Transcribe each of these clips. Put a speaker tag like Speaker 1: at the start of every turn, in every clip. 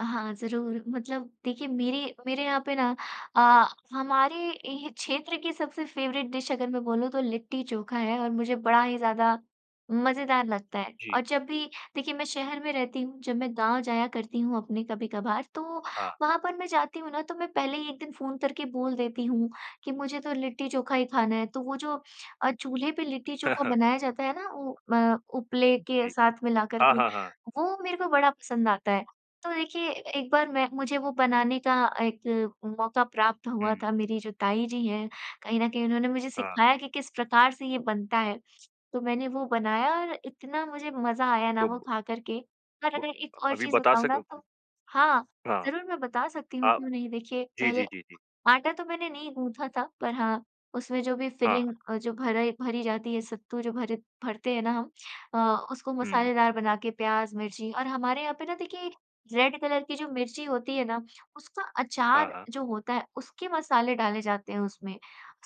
Speaker 1: हाँ, ज़रूर मतलब देखिए मेरी मेरे यहाँ पे ना अ, हमारे ही क्षेत्र की सबसे फेवरेट डिश अगर मैं बोलूँ तो लिट्टी-चोखा है और मुझे बड़ा ही ज़्यादा मज़ेदार लगता है
Speaker 2: जी।
Speaker 1: और जब भी देखिए मैं शहर में रहती हूँ, जब मैं गाँव जाया करती हूँ अपने कभी-कभार तो
Speaker 2: हाँ।
Speaker 1: वहाँ पर मैं जाती हूँ ना, तो मैं पहले ही एक दिन फ़ोन करके बोल देती हूँ कि मुझे तो लिट्टी-चोखा ही खाना है तो वो जो अ, चूल्हे पे
Speaker 2: हाँ,
Speaker 1: लिट्टी-चोखा
Speaker 2: हाँ।
Speaker 1: बनाया जाता है ना उ म उपले के
Speaker 2: जी।
Speaker 1: साथ मिलाकर
Speaker 2: हाँ,
Speaker 1: के,
Speaker 2: हाँ, हाँ।
Speaker 1: वो मेरे को बड़ा पसंद आता है। तो देखिए एक बार मैं मुझे वो बनाने का एक मौका प्राप्त हुआ
Speaker 2: हुँ।
Speaker 1: था, मेरी जो ताई जी हैं कहीं न कहीं उन्होंने मुझे
Speaker 2: हाँ।
Speaker 1: सिखाया कि किस प्रकार से ये बनता है। तो मैंने वो बनाया और इतना मुझे मज़ा आया ना
Speaker 2: तो
Speaker 1: वो
Speaker 2: ब
Speaker 1: खा कर के और
Speaker 2: ब
Speaker 1: अगर एक और
Speaker 2: अभी
Speaker 1: चीज़
Speaker 2: बता
Speaker 1: बताऊँ ना
Speaker 2: सक
Speaker 1: तो हाँ,
Speaker 2: हाँ।
Speaker 1: ज़रूर मैं बता सकती हूँ,
Speaker 2: अ,
Speaker 1: क्यों नहीं? देखिए
Speaker 2: जी,
Speaker 1: पहले
Speaker 2: जी, जी, जी।
Speaker 1: आटा तो मैंने नहीं गूँथा था पर हाँ, उसमें जो भी
Speaker 2: हाँ।
Speaker 1: फ़िलिंग अ, जो भरा भरी जाती है सत्तू जो भर भरते हैं ना हम अ, उसको
Speaker 2: हुँ।
Speaker 1: मसालेदार बना के प्याज़, मिर्ची और हमारे यहाँ पे ना देखिए रेड कलर की जो मिर्ची होती है ना उसका
Speaker 2: हाँ,
Speaker 1: अचार
Speaker 2: हाँ।
Speaker 1: जो होता है उसके मसाले डाले जाते हैं उसमें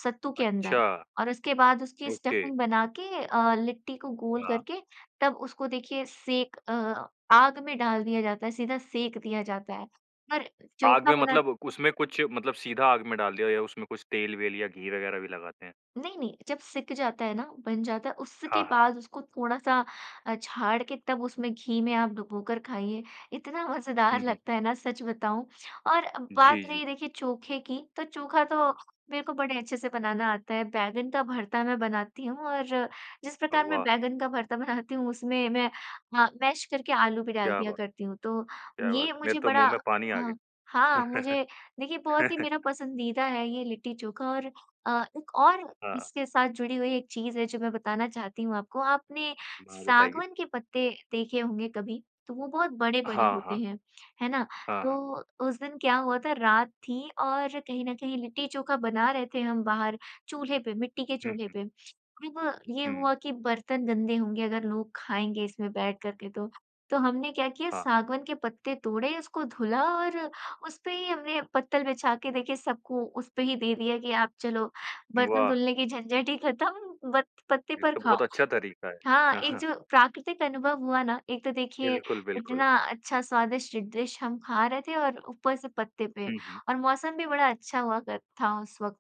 Speaker 1: सत्तू के अंदर
Speaker 2: अच्छा।
Speaker 1: और उसके बाद उसकी
Speaker 2: ओके।
Speaker 1: स्टफ़िंग बना के अ, लिट्टी को गोल
Speaker 2: हाँ।
Speaker 1: करके तब उसको देखिए सेक अ, आग में डाल दिया जाता है, सीधा सेक दिया जाता है। पर
Speaker 2: आग
Speaker 1: चोखा
Speaker 2: में
Speaker 1: बना
Speaker 2: मतलब उसमें कुछ मतलब सीधा आग में डाल दिया, या उसमें कुछ तेल-वेल या घी वग़ैरह भी लगाते हैं?
Speaker 1: नहीं, नहीं। जब सिक जाता है ना, बन जाता है, उसके
Speaker 2: हाँ, हाँ।
Speaker 1: बाद उसको थोड़ा-सा अ, छाड़ के तब उसमें घी में आप डुबोकर खाइए, इतना मज़ेदार
Speaker 2: हुँ, हुँ।
Speaker 1: लगता है ना सच बताऊँ और
Speaker 2: जी,
Speaker 1: बात
Speaker 2: जी।
Speaker 1: रही देखिए चोखे की, तो चोखा तो मेरे को बड़े अच्छे से बनाना आता है, बैंगन का भर्ता मैं बनाती हूँ और जिस
Speaker 2: अ,
Speaker 1: प्रकार मैं
Speaker 2: वाह!
Speaker 1: बैंगन का भर्ता बनाती हूँ उसमें मैं हाँ, मैश करके आलू भी डाल
Speaker 2: क्या
Speaker 1: दिया
Speaker 2: बात।
Speaker 1: करती हूँ। तो
Speaker 2: क्या बात
Speaker 1: ये
Speaker 2: है। मेरे
Speaker 1: मुझे
Speaker 2: तो
Speaker 1: बड़ा
Speaker 2: मुँह में पानी आ
Speaker 1: हाँ
Speaker 2: गया।
Speaker 1: हाँ, मुझे देखिए बहुत ही मेरा पसंदीदा है ये लिट्टी-चोखा और अ, एक और
Speaker 2: हाँ।
Speaker 1: इसके साथ जुड़ी हुई एक चीज़ है जो मैं बताना चाहती हूँ आपको। आपने
Speaker 2: हाँ, बताइए।
Speaker 1: सागवन के पत्ते देखे होंगे कभी तो वो बहुत बड़े-बड़े
Speaker 2: हाँ,
Speaker 1: होते
Speaker 2: हाँ।
Speaker 1: हैं, है ना?
Speaker 2: हाँ, हाँ।
Speaker 1: तो उस दिन क्या हुआ था रात थी और, कहीं न कहीं लिट्टी-चोखा बना रहे थे हम बाहर चूल्हे पे, मिट्टी के
Speaker 2: हुँ,
Speaker 1: चूल्हे
Speaker 2: हुँ।
Speaker 1: पे, तब ये
Speaker 2: हुँ।
Speaker 1: हुआ कि बर्तन गंदे होंगे अगर लोग खाएँगे इसमें बैठ कर के तो। तो हमने क्या किया
Speaker 2: हाँ।
Speaker 1: सागवन के पत्ते तोड़े, उसको धुला और उस पे ही हमने पत्तल बिछा के देखे सबको उसपे ही दे दिया कि आप चलो बर्तन
Speaker 2: वाह!
Speaker 1: धुलने की झंझट ही खत्म ब पत्ते
Speaker 2: ये
Speaker 1: पर
Speaker 2: तो
Speaker 1: खाओ।
Speaker 2: बहुत अच्छा तरीका है।
Speaker 1: हाँ,
Speaker 2: हाँ,
Speaker 1: एक
Speaker 2: हाँ।
Speaker 1: जो प्राकृतिक अनुभव हुआ ना, एक तो देखिए
Speaker 2: बिल्कुल, बिल्कुल।
Speaker 1: इतना अच्छा स्वादिष्ट डिश हम खा रहे थे और ऊपर से पत्ते पे
Speaker 2: हुँ, हुँ।
Speaker 1: और मौसम भी बड़ा अच्छा हुआ कर था उस वक़्त।